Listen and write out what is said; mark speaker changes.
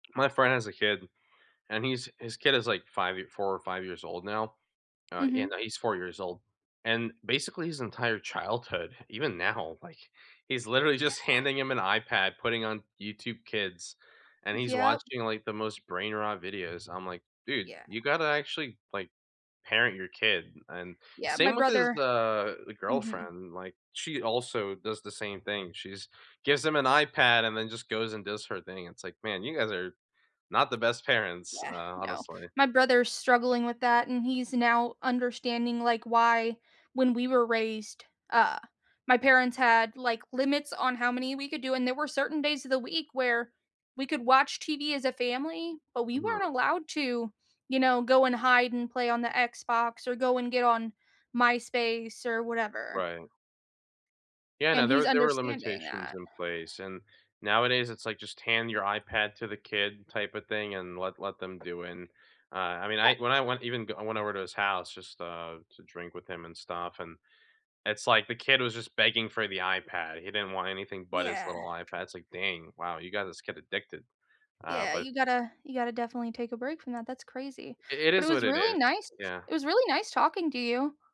Speaker 1: My friend has a kid, and he's his kid is, like, 5 yea 4 or 5 years old now. Uh, yeah,
Speaker 2: Mhm.
Speaker 1: no, he's 4 years old. And, basically, his entire childhood, even now, like, he's literally just
Speaker 2: Yeah.
Speaker 1: handing him an iPad, putting on YouTube Kids, and he's
Speaker 2: Yep.
Speaker 1: watching, like, the most brain rot videos, I'm like, "Dude,
Speaker 2: Yeah.
Speaker 1: you gotta actually, like, parent your kid." And,
Speaker 2: Yeah, my
Speaker 1: same with his,
Speaker 2: brother
Speaker 1: uh the
Speaker 2: mhm.
Speaker 1: girlfriend. Like, she also does the same thing, she just gives him an iPad, and then just goes and does her thing. It's like, "Man, you guys are not the best parents,
Speaker 2: Yeah,
Speaker 1: uh,
Speaker 2: no.
Speaker 1: honestly."
Speaker 2: My brother's struggling with that, and he's now understanding, like, why, when we were raised, uh, my parents had, like, limits on how many we could do, and there were certain days of the week where, we could watch TV as a family, but we weren't
Speaker 1: Hmm.
Speaker 2: allowed to, you know, go and hide and play on the Xbox, or go and get on MySpace or whatever.
Speaker 1: Right. Yeah, no.
Speaker 2: And
Speaker 1: There
Speaker 2: he's
Speaker 1: were there were
Speaker 2: understanding
Speaker 1: limitations
Speaker 2: that.
Speaker 1: in place, and, nowadays, it's like, just hand your iPad to the kid, type of thing, and let let them do it, uh, I mean, I
Speaker 2: Yep.
Speaker 1: when I went even go I went over to his house, just, uh, to drink with him and stuff, and, it's like the kid was just begging for the iPad, he didn't want anything but his
Speaker 2: Yeah.
Speaker 1: little iPad. It's like, "Dang. Wow, you got this kid addicted." Uh,
Speaker 2: Yeah,
Speaker 1: but
Speaker 2: you gotta you gotta definitely take a break from that, that's crazy.
Speaker 1: I it
Speaker 2: But it
Speaker 1: is
Speaker 2: was
Speaker 1: what it
Speaker 2: really
Speaker 1: is.
Speaker 2: nice
Speaker 1: Yeah.
Speaker 2: it was really nice talking to you.